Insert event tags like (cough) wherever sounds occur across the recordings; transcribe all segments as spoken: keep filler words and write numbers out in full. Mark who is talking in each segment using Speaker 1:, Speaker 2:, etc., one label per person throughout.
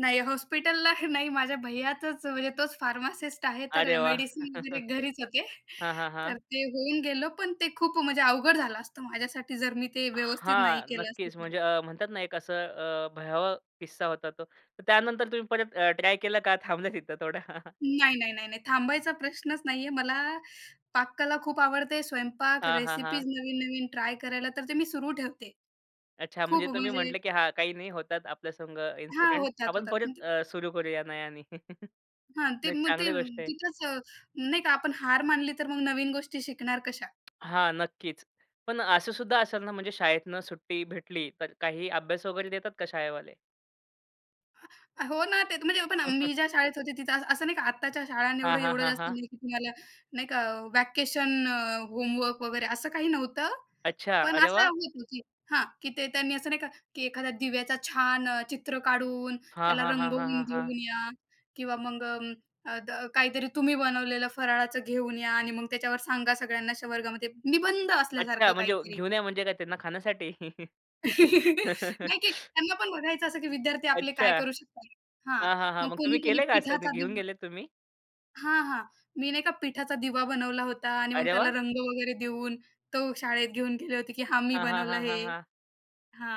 Speaker 1: नाही, हॉस्पिटलला नाही, माझ्या भैयाचंच, म्हणजे तोच फार्मासिस्ट आहे, तर
Speaker 2: अरे वाह!
Speaker 1: मेडिसिन वगैरे घरीच होते.
Speaker 2: (chuckles) हां, हां,
Speaker 1: तर
Speaker 2: हां.
Speaker 1: ते होऊन गेलं पण ते खूप म्हणजे अवघड झालं असतं माझ्यासाठी, जर मी ते व्यवस्थित नाही
Speaker 2: हां,
Speaker 1: केलं असतं
Speaker 2: नक्कीच
Speaker 1: तर.
Speaker 2: म्हणजे अ, म्हणतात ना एक असं अ, भयावह किस्सा होता तो. तर त्यानंतर तुम्ही परत अ, ट्राय केलं का थांबल्या तिथं थोडं? (chuckles)
Speaker 1: नाही, नाही, नाही, नाही थांबायचा प्रश्नच नाहीये, मला पाककला खूप आवडते, स्वयंपाक,
Speaker 2: हां, हां, हां.
Speaker 1: रेसिपीज, नवीन-नवीन ट्राय करायला, तर ते मी सुरू ठेवते.
Speaker 2: अच्छा, म्हणजे
Speaker 1: खूप
Speaker 2: तुम्ही
Speaker 1: म्हणजे
Speaker 2: म्हटले, की हा काही नाही होतात आपल्यासंग
Speaker 1: हां,
Speaker 2: इन्सिडेंट.
Speaker 1: होतात,
Speaker 2: आपण
Speaker 1: होतात.
Speaker 2: परत अ, सुरु करूया नयानी (chuckles)
Speaker 1: हां, ते
Speaker 2: नाही
Speaker 1: मग ते
Speaker 2: चांगली गोष्ट आहे.
Speaker 1: तिथंच नाही का आपण हार मानली, तर मग नवीन गोष्टी शिकणार कशा?
Speaker 2: हां नक्कीच. पण असं सुद्धा असेल ना, म्हणजे शाळेतनं सुट्टी भेटली, तर काही अभ्यास वगैरे देतात का शाळेवाले?
Speaker 1: हो ना, ते तर म्हणजे पण
Speaker 2: (chuckles)
Speaker 1: मी ज्या शाळेत होते तिथं असं-असं नाही का, आत्ताच्या शाळांनी
Speaker 2: हां, हां,
Speaker 1: एवढं-एवढं
Speaker 2: हां,
Speaker 1: जास्त
Speaker 2: हां.
Speaker 1: नाही की तुम्हाला नाही का व्हॅकेशन, होमवर्क वगैरे असं काही नव्हतं,
Speaker 2: अच्छा,
Speaker 1: पण
Speaker 2: अरे
Speaker 1: असं
Speaker 2: वाह!
Speaker 1: होत, की हां, की ते त्यांनी असं नाही का, की एखाद्या दिव्याचा छान अ, चित्र काढून,
Speaker 2: हां,
Speaker 1: त्याला
Speaker 2: हां, हां, हां,
Speaker 1: रंगवून
Speaker 2: हां, हां.
Speaker 1: घेऊन या किंवा मग अ, द काहीतरी तुम्ही बनवलेलं फराळाचं घेऊन या आणि मग त्याच्यावर सांगा सगळ्यांना अशा वर्गामध्ये निबंध
Speaker 2: अच्छा,
Speaker 1: असल्यासारखं
Speaker 2: म्हणजे
Speaker 1: काहीतरी
Speaker 2: घेऊन या, म्हणजे काय त्यांना खाण्यासाठी?
Speaker 1: (chuckles) नाही, की
Speaker 2: (chuckles)
Speaker 1: त्यांना पण बघायचं असं, की विद्यार्थी आपले
Speaker 2: अच्छा.
Speaker 1: काय करू शकतात. हा
Speaker 2: हां, हां, हां,
Speaker 1: मग
Speaker 2: मग तुम्ही
Speaker 1: कोणी कोणी
Speaker 2: केलं का असं
Speaker 1: पिठाचा
Speaker 2: घेऊन
Speaker 1: दिवा
Speaker 2: गेलेत तुम्ही?
Speaker 1: हां, हां. मी नाही एका पिठाचा दिवा बनवला होता आणि मग
Speaker 2: अरे
Speaker 1: त्याला
Speaker 2: वाह!
Speaker 1: रंग वगैरे देऊन तो शाळेत घेऊन गेले होते, की हा मी
Speaker 2: हां, हां,
Speaker 1: बनवलं
Speaker 2: हां,
Speaker 1: हे.
Speaker 2: हां, हां.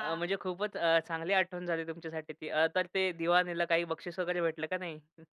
Speaker 2: अ, म्हणजे खूपच अ, चांगली आठवण झाली तुमच्यासाठी ती, अ, तर ते दिवा नेला काही बक्षीस वगैरे भेटलं का नाही? हं.